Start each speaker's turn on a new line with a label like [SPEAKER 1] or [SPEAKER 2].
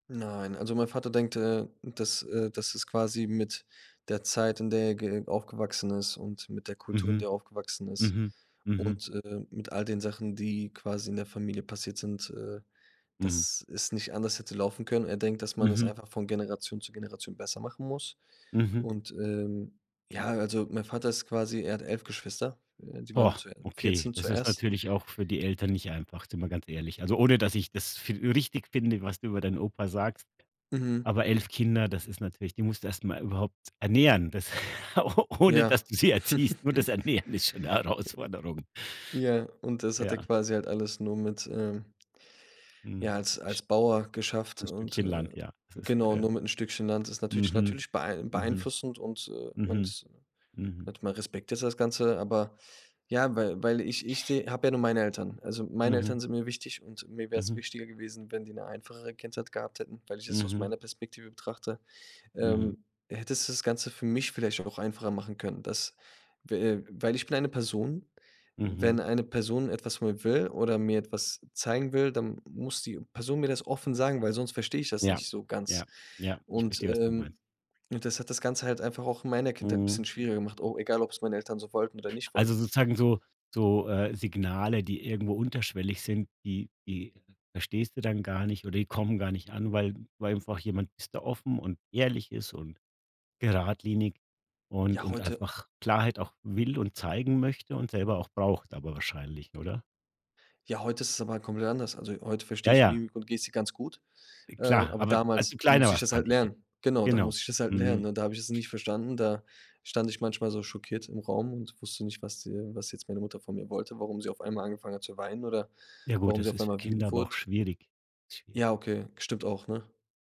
[SPEAKER 1] Nein. Also, mein Vater denkt, äh, dass, äh dass es quasi mit der Zeit, in der ge aufgewachsen ist und mit der Kultur, in
[SPEAKER 2] Mhm.
[SPEAKER 1] der er aufgewachsen ist
[SPEAKER 2] Mhm. Mhm.
[SPEAKER 1] und, äh, mit all den Sachen, die quasi in der Familie passiert sind, äh
[SPEAKER 2] Mhm.
[SPEAKER 1] dass es nicht anders hätte laufen können. Er denkt, dass man es
[SPEAKER 2] Mhm.
[SPEAKER 1] einfach von Generation zu Generation besser machen muss.
[SPEAKER 2] Mhm.
[SPEAKER 1] Und, ähm, ja, also, mein Vater ist quasi er hat 11 Geschwister, äh, die waren
[SPEAKER 2] Boah,
[SPEAKER 1] zu
[SPEAKER 2] okay,
[SPEAKER 1] 14
[SPEAKER 2] das ist
[SPEAKER 1] zuerst.
[SPEAKER 2] natürlich auch für die Eltern nicht einfach, sind wir ganz ehrlich. Also, ohne dass ich das für richtig finde, was du über deinen Opa sagst,
[SPEAKER 1] Mhm.
[SPEAKER 2] aber 11 Kinder, das ist natürlich die musst du erst mal überhaupt ernähren, das ohne
[SPEAKER 1] Ja.
[SPEAKER 2] dass du sie erziehst. Nur das Ernähren ist schon 'ne Herausforderung.
[SPEAKER 1] Ja, und das hat er
[SPEAKER 2] Ja.
[SPEAKER 1] quasi halt alles nur mit, ähm
[SPEAKER 2] Mhm.
[SPEAKER 1] ja, als
[SPEAKER 2] Sch
[SPEAKER 1] als Bauer geschafft
[SPEAKER 2] Ein
[SPEAKER 1] und,
[SPEAKER 2] Stückchen
[SPEAKER 1] äh
[SPEAKER 2] Land, ja. Das ist,
[SPEAKER 1] genau,
[SPEAKER 2] äh
[SPEAKER 1] nur mit 'n Stückchen Land. Das ist natürlich
[SPEAKER 2] Mhm.
[SPEAKER 1] natürlich beei
[SPEAKER 2] Mhm.
[SPEAKER 1] beeinflussend und, äh, man
[SPEAKER 2] Mhm.
[SPEAKER 1] ist, ne
[SPEAKER 2] Mhm.
[SPEAKER 1] net man respektiert das Ganze, aber, ja, weil weil ich ich habe ja nur meine Eltern. Also, meine Eltern
[SPEAKER 2] Mhm.
[SPEAKER 1] sind mir wichtig und mir wäre es
[SPEAKER 2] Mhm.
[SPEAKER 1] wichtiger gewesen, wenn die 'ne einfachere Kindheit gehabt hätten, weil ich es aus
[SPEAKER 2] Mhm.
[SPEAKER 1] meiner Perspektive betrachte,
[SPEAKER 2] Mhm.
[SPEAKER 1] ähm, hätte es das Ganze für mich vielleicht auch einfacher machen können, dass, w äh, weil ich bin eine Person, wenn
[SPEAKER 2] Mhm.
[SPEAKER 1] eine Person etwas von mir will oder mir etwas zeigen will, dann muss die Person mir das offen sagen, weil sonst verstehe ich das
[SPEAKER 2] Ja,
[SPEAKER 1] nicht so
[SPEAKER 2] ja,
[SPEAKER 1] ganz.
[SPEAKER 2] ja. Ich
[SPEAKER 1] Und,
[SPEAKER 2] verstehe, was du meinst.
[SPEAKER 1] ähm und das hat das Ganze halt einfach auch in meiner Kindheit 'n
[SPEAKER 2] Mhm.
[SPEAKER 1] bisschen schwieriger gemacht, o egal ob es meine Eltern so wollten oder nicht
[SPEAKER 2] Also,
[SPEAKER 1] wollten.
[SPEAKER 2] sozusagen so so, äh, Signale, die irgendwo unterschwellig sind, die die verstehst du dann gar nicht oder die kommen gar nicht an, weil weil einfach jemand ist da offen und ehrlich ist und geradlinig und
[SPEAKER 1] Ja,
[SPEAKER 2] und
[SPEAKER 1] heute
[SPEAKER 2] einfach Klarheit auch will und zeigen möchte und selber auch braucht aber wahrscheinlich, oder?
[SPEAKER 1] Ja, heute ist es aber halt komplett anders. Also, heute verstehe
[SPEAKER 2] Ja,
[SPEAKER 1] ich
[SPEAKER 2] ja.
[SPEAKER 1] Mimik und Gestik ganz gut,
[SPEAKER 2] Äh,
[SPEAKER 1] äh,
[SPEAKER 2] klar,
[SPEAKER 1] aber
[SPEAKER 2] aber als
[SPEAKER 1] damals
[SPEAKER 2] du kleiner
[SPEAKER 1] musste ich
[SPEAKER 2] warst,
[SPEAKER 1] das halt
[SPEAKER 2] meinte ich jetzt.
[SPEAKER 1] lernen. Genau, da
[SPEAKER 2] Genau.
[SPEAKER 1] musste ich das halt
[SPEAKER 2] Mhm.
[SPEAKER 1] lernen. Und da habe ich es nicht verstanden, da stand ich manchmal so schockiert im Raum und wusste nicht, was, äh was jetzt meine Mutter von mir wollte, warum sie auf einmal angefangen hat zu weinen oder
[SPEAKER 2] Ja gut,
[SPEAKER 1] warum sie
[SPEAKER 2] das
[SPEAKER 1] auf
[SPEAKER 2] ist für
[SPEAKER 1] einmal
[SPEAKER 2] Kinder
[SPEAKER 1] wütend
[SPEAKER 2] aber auch
[SPEAKER 1] wurde.
[SPEAKER 2] schwierig, schwierig.
[SPEAKER 1] Ja okay, stimmt auch, ne?